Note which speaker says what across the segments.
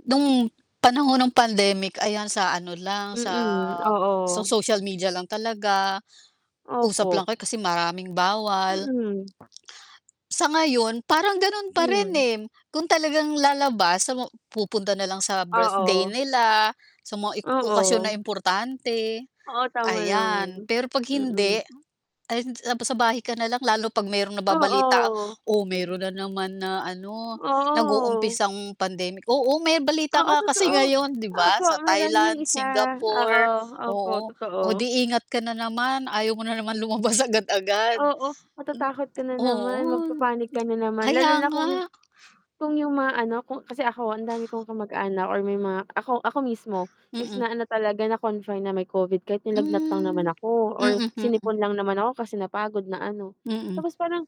Speaker 1: Nung panahon ng pandemic ayan sa ano lang, sa
Speaker 2: Mm,
Speaker 1: sa
Speaker 2: oo.
Speaker 1: social media lang talaga, usap
Speaker 2: Opo.
Speaker 1: lang kayo kasi maraming bawal.
Speaker 2: Mm.
Speaker 1: Sa ngayon parang ganun pa rin,
Speaker 2: Hmm.
Speaker 1: eh. Kung talagang lalabas sa mga pupunta na lang sa birthday
Speaker 2: Oo.
Speaker 1: nila, sa mga ik okasyon
Speaker 2: Oo.
Speaker 1: na importante,
Speaker 2: Oo, tama naman.
Speaker 1: ayan. Pero 'pag
Speaker 2: Mm.
Speaker 1: hindi, ay tapos sa bahay ka na lang lalo pag mayro'ng nababalita
Speaker 2: Oo.
Speaker 1: oh, meron na naman na ano,
Speaker 2: Oo.
Speaker 1: nag-uumpisang pandemic. Oo, may balita
Speaker 2: Oo,
Speaker 1: nga kasi
Speaker 2: totoo.
Speaker 1: ngayon, 'di ba?
Speaker 2: Opo,
Speaker 1: Sa
Speaker 2: meron yung
Speaker 1: Thailand,
Speaker 2: isa. Oo,
Speaker 1: Singapore,
Speaker 2: opo,
Speaker 1: oo. Oh,
Speaker 2: totoo.
Speaker 1: di ingat ka na naman, ayaw mo na naman lumabas agad-agad. M
Speaker 2: Oo, matatakot ka na
Speaker 1: oo.
Speaker 2: naman, magpa-panic ka na naman, lalo
Speaker 1: Kaya
Speaker 2: na kung yung
Speaker 1: nga.
Speaker 2: kung yung mga ano, kung kasi ako ang dami kong kamag-anak or may mga ako, ako mismo is
Speaker 1: Mm.
Speaker 2: na ano talaga, na-confine na may Covid kahit nilagnat lang naman
Speaker 1: Hmm,
Speaker 2: ako or
Speaker 1: mm.
Speaker 2: sinipon lang naman ako kasi napagod na ano.
Speaker 1: Mm.
Speaker 2: Tapos parang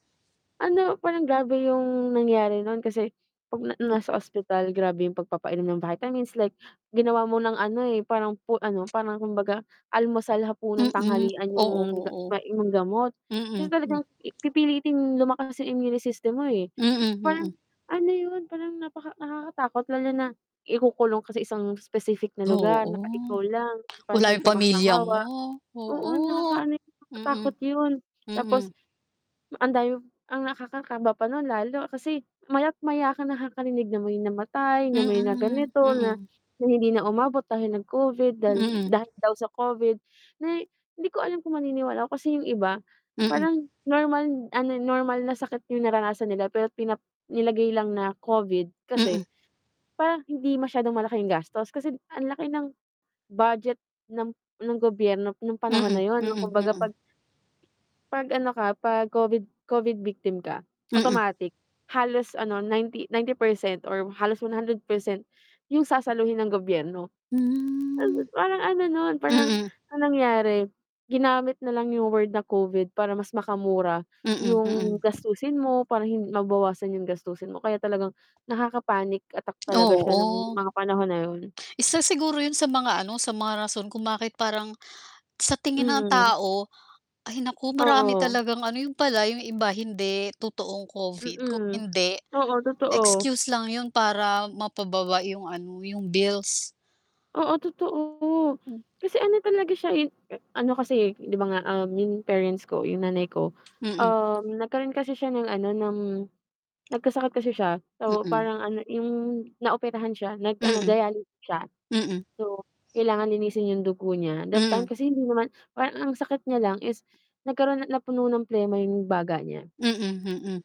Speaker 2: ano, parang grabe yung nangyari nun kasi 'pag na
Speaker 1: Mm.
Speaker 2: nasa ospital, grabe yung pagpapainom ng vitamins like ginawa mo ng ano, eh, parang pu ano, parang kumbaga almusal, hapunan,
Speaker 1: Mm,
Speaker 2: tanghalian
Speaker 1: oo,
Speaker 2: yung ga
Speaker 1: oo.
Speaker 2: may gamot. Kasi
Speaker 1: Mm, hmm.
Speaker 2: talagang pipilitin lumakas yung immune system mo, eh.
Speaker 1: Mm,
Speaker 2: Parang
Speaker 1: mm.
Speaker 2: ano yun, parang napaka nakakatakot lalo na ikukulong ka sa isang specific na lugar
Speaker 1: Oo,
Speaker 2: na ka ikaw lang para
Speaker 1: wala
Speaker 2: hindi
Speaker 1: yung
Speaker 2: ka
Speaker 1: pamilya mo,
Speaker 2: makahawa. Oo,
Speaker 1: oo.
Speaker 2: nakakaano yun,
Speaker 1: Mm.
Speaker 2: nakakatakot yun.
Speaker 1: Mm.
Speaker 2: Tapos ang dami ang nakakakaba pa nun lalo kasi maya't maya ka nakakarinig na may namatay, na may na
Speaker 1: Mm,
Speaker 2: ganito na
Speaker 1: mm.
Speaker 2: na hindi na umabot dahil nag-Covid dahi
Speaker 1: Mm.
Speaker 2: dahil daw sa Covid. Na di ko alam kung maniniwala ako kasi yung iba
Speaker 1: Mm.
Speaker 2: parang normal ano, normal na sakit yung naranasan nila, pero pinap nilagay lang na Covid kasi
Speaker 1: Mm.
Speaker 2: parang hindi masyadong malaki yung gastos. Kasi ang laki ng budget ng ng gobyerno nung panahon na
Speaker 1: Mm,
Speaker 2: yun, nung
Speaker 1: mm,
Speaker 2: kumbaga
Speaker 1: mm.
Speaker 2: 'pag 'pag ano ka, 'pag Covid- Covid victim ka
Speaker 1: Mm.
Speaker 2: automatic halos ano, 90- 90% or halos 100% yung sasaluhin ng gobyerno.
Speaker 1: Hmm.
Speaker 2: Parang ano nun, parang
Speaker 1: Mm.
Speaker 2: ang nangyari ginamit na lang yung word na Covid para mas makamura
Speaker 1: Mm,
Speaker 2: yung
Speaker 1: mm.
Speaker 2: gastusin mo para hin mabawasan yung gastusin mo kaya talagang nakaka-panic attack talaga siya nung
Speaker 1: Oo.
Speaker 2: mga panahon na yun.
Speaker 1: Isa siguro yun sa mga ano, sa mga rason kung bakit parang sa tingin ng
Speaker 2: Mm.
Speaker 1: tao ay naku marami
Speaker 2: Oo.
Speaker 1: talagang ano, yun pala, yung iba hindi totoong Covid kung
Speaker 2: Mm.
Speaker 1: hindi
Speaker 2: Oo, totoo.
Speaker 1: excuse lang yun para mapababa yung ano, yung bills.
Speaker 2: Oo, totoo.
Speaker 1: Mm.
Speaker 2: Kasi ano talaga siya, eh, ano kasi, eh, 'di ba nga, ah, 'yong parents ko, 'yong nanay ko,
Speaker 1: Mm.
Speaker 2: um, nagkaroon kasi siya ng ano, ng nagkasakit kasi siya. So,
Speaker 1: Mm.
Speaker 2: parang ano, 'yong naoperahan siya, nag-ano
Speaker 1: Mm.
Speaker 2: dialysis siya.
Speaker 1: Mm.
Speaker 2: So, kailangan linisin 'yong dugo niya. That time
Speaker 1: Mm.
Speaker 2: kasi hindi naman parang ang sakit niya lang is nagkaroon napuno ng plema 'yong baga niya.
Speaker 1: Mm, mm.